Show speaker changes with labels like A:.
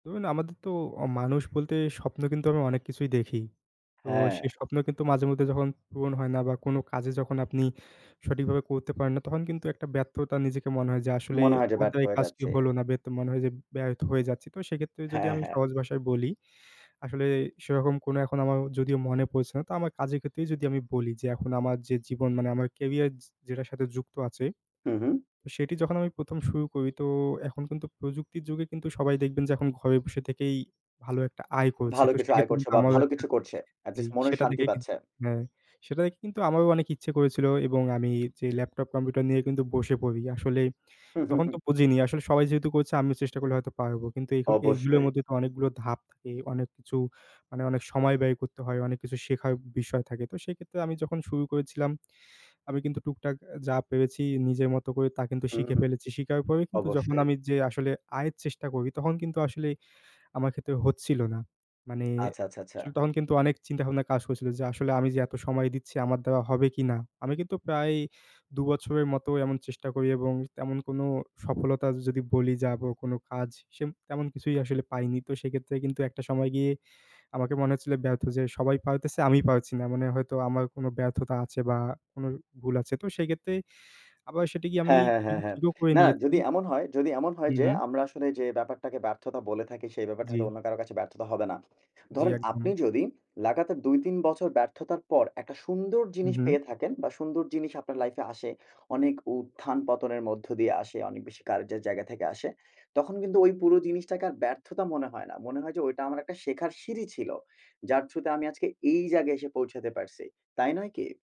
A: ধরুন, আমাদের তো অ মানুষ বলতে স্বপ্ন কিন্তু আমি অনেক কিছুই দেখি, তো সেই
B: হ্যাঁ।
A: স্বপ্ন কিন্তু মাঝে মধ্যে যখন পূরণ হয় না, বা কোনো কাজে যখন আপনি সঠিক ভাবে করতে পারেন না তখন কিন্তু একটা ব্যর্থতা নিজেকে মনে হয় যে, আসলে
B: মনে হয় যে
A: আমার
B: ব্যর্থ
A: দ্বারা এই
B: হয়ে
A: কাজটি
B: যাচ্ছি।
A: হলো না বে তো মনে হয় যে ব্যর্থ হয়ে যাচ্ছি তো সেক্ষেত্রে যদি
B: হ্যাঁ,
A: আমি
B: হ্যাঁ।
A: সহজ ভাষায় বলি, আসলে সেরকম কোনো এখন আমার যদিও মনে পড়ছে না, তো আমার কাজের ক্ষেত্রেই যদি আমি বলি, যে এখন আমার যে জীবন মানে আমার ক্যারিয়ার যে যেটার সাথে যুক্ত আছে
B: হু, হু।
A: সেটি যখন আমি ১ম, শুরু করি তো, এখন কিন্তু প্রযুক্তির যুগে কিন্তু সবাই দেখবেন যে এখন ঘরে বসে থেকেই, ভালো একটা আয় করছে।
B: ভালো
A: তো
B: কিছু আয়
A: সেক্ষেত্রে
B: করছে
A: কিন্তু
B: বা
A: আমারও
B: ভালো
A: একটা
B: কিছু করছে। এট
A: জি
B: লিস্ট মনের
A: সেটা
B: শান্তি
A: দেখে কিন
B: পাচ্ছে।
A: হ্যাঁ সেটা দেখে কিন্তু আমারও অনেক ইচ্ছে করেছিল এবং আমি যে ল্যাপটপ কম্পিউটার নিয়ে কিন্তু বসে পড়ি, আসলে
B: হু, হু,
A: তখন
B: হু।
A: তো বুঝিনি আসলে সবাই যেহেতু করছে আমিও চেষ্টা করলে হয়তো পারবো কিন্তু এগুকু এগুলোর
B: অবশ্যই।
A: মধ্যে তো অনেকগুলো ধাপ থাকে অনেক কিছু মানে অনেক সময় ব্যয় করতে হয় অনেক কিছু শেখার বিষয় থাকে তো সেক্ষেত্রে আমি যখন শুরু করেছিলাম, আমি কিন্তু টুকটাক অ্যা, যা পেরেছি নিজের মতো করে তা কিন্তু শিখে
B: হুম।
A: ফেলেছি শিখাই পারেই কিন্তু যখন
B: অবশ্যই।
A: আমি যেয়ে আসলে আয়ের চেষ্টা করি তখন কিন্তু আসলে আমার ক্ষেত্রে হচ্ছিলো না। মানে
B: আচ্ছা, আচ্ছা, আচ্ছা।
A: আসলে তখন কিন্তু অনেক চিন্তাভাবনা কাজ করছিলো যে আসলে আমি যে এত সময় দিচ্ছি আমার দ্বারা হবে কিনা? আমি কিন্তু প্রায় দু বছরের মতো এমন চেষ্টা করি এবং তেমন কোনো সফলতা যদি বলি যাবো কোনো কাজ সেম তেমন কিছুই আসলে পাইনি তো সেক্ষেত্রে কিন্তু একটা সময় গিয়ে আমাকে মনে হচ্ছিল ব্যর্থ যে সবাই পারতেছে আমি পারছি না। মানে হয়তো আমার কোনো ব্যর্থতা আছে বা কোন ভুল আছে। তো সেক্ষেত্রে আবার সেটিকে আমি
B: হ্যাঁ, হ্যাঁ, হ্যাঁ,
A: কিন্তু
B: হ্যাঁ।
A: ঠিকও করে
B: না
A: নিয়েছি।
B: যদি এমন হয়, যদি এমন হয়
A: হু,
B: যে,
A: হু।
B: আমরা আসলে যে ব্যাপারটাকে ব্যর্থতা বলে থাকি সেই ব্যাপারটা হয়তো
A: জ্বী।
B: অন্য কারো কাছে ব্যর্থতা হবে না।
A: জ্বি,
B: ধরেন আপনি
A: একদম।
B: যদি, লাগাতার ২-৩ বছর ব্যর্থতার পর একটা সুন্দর
A: হু,
B: জিনিস
A: হু।
B: পেয়ে থাকেন বা সুন্দর জিনিস আপনার লাইফে আসে। অনেক উত্থান-পতনের মধ্য দিয়ে আসে, অনেক বেশি কার্যের জায়গা থেকে আসে, তখন কিন্তু ওই পুরো জিনিসটাকে আর ব্যর্থতা মনে হয় না। মনে হয় যে ওইটা আমার একটা শেখার সিঁড়ি ছিল। যার থ্রুগ তে আমি আজকে এই জায়গায় এসে পৌঁছাতে পারছি। তাই নয় কি?